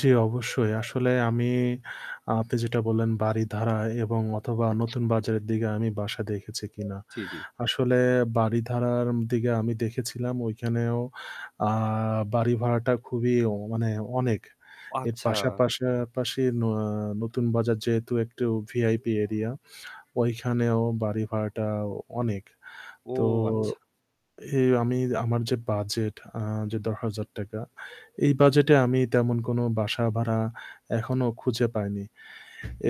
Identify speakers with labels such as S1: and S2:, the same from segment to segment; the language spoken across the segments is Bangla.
S1: জ্বি, অবশ্যই আসলে আমি আপনি যেটা বললেন, বারিধারা এবং অথবা নতুন বাজারের দিকে আমি বাসা দেখেছি কিনা।
S2: জ্বি, জ্বি।
S1: আসলে বাড়ি ধারার দিকে আমি দেখেছিলাম ওইখানেও আ বাড়ি ভাড়াটা খুবই মানে অনেক। এর
S2: আচ্ছা।
S1: পাশা পাশাপাশি ন নতুন বাজার যেহেতু একটু ভিআইপি এরিয়া ওইখানেও বাড়ি ভাড়াটা অনেক।
S2: ও
S1: তো
S2: আচ্ছা।
S1: এই আমি আমার যে বাজেট আ যে ৳১০,০০০ এই বাজেটে আমি তেমন কোনো বাসা ভাড়া এখনও খুঁজে পাইনি।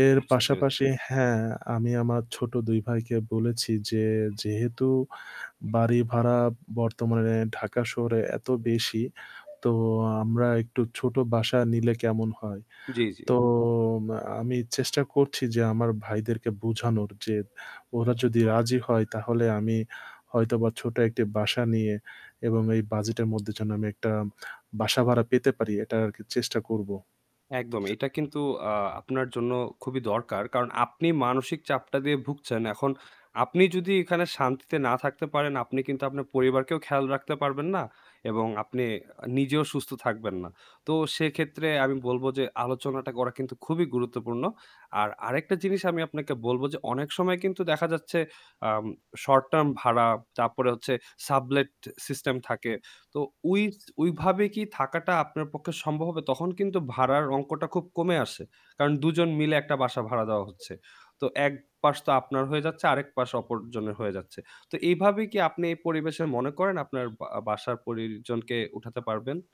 S1: এর
S2: বুঝতে পেরেছি।
S1: পাশাপাশি হ্যাঁ আমি আমার ছোট ২ ভাইকে বলেছি যে, "যেহেতু বাড়ি ভাড়া বর্তমানে ঢাকা শহরে এত বেশি, তো আমরা একটু ছোট বাসা নিলে কেমন হয়?"
S2: জ্বি, জ্বি।
S1: তো আমি চেষ্টা করছি যে আমার ভাইদেরকে বুঝানোর যে ওরা যদি রাজি হয় তাহলে আমি হয়তোবা ছোট একটি বাসা নিয়ে এবং এই বাজেটের মধ্যে যেন আমি একটা বাসা ভাড়া পেতে পারি এটা আরকি চেষ্টা করব।
S2: একদম এটা কিন্তু আ আপনার জন্য খুবই দরকার। কারণ আপনি মানসিক চাপটা দিয়ে ভুগছেন। এখন আপনি যদি এখানে শান্তিতে না থাকতে পারেন আপনি কিন্তু আপনার পরিবারকেও খেয়াল রাখতে পারবেন না এবং আপনি নিজেও সুস্থ থাকবেন না। তো সেক্ষেত্রে আমি বলবো যে আলোচনাটা করা কিন্তু খুবই গুরুত্বপূর্ণ। আর আরেকটা জিনিস আমি আপনাকে বলবো যে অনেক সময় কিন্তু দেখা যাচ্ছে আম শর্ট টার্ম ভাড়া, তারপরে হচ্ছে সাবলেট সিস্টেম থাকে। তো ওই স ওই ভাবে কি থাকাটা আপনার পক্ষে সম্ভব হবে? তখন কিন্তু ভাড়ার অংকটা খুব কমে আসে। কারণ দুজন মিলে একটা বাস ভাড়া দেওয়া হচ্ছে। তো এক পাশ তো আপনার হয়ে যাচ্ছে আরেক পাশ অপরজনের হয়ে যাচ্ছে। তো এভাবে কি আপনি এই পরিবেশে মনে করেন আপনার বা বাসার পরিজনকে উঠাতে পারবেন?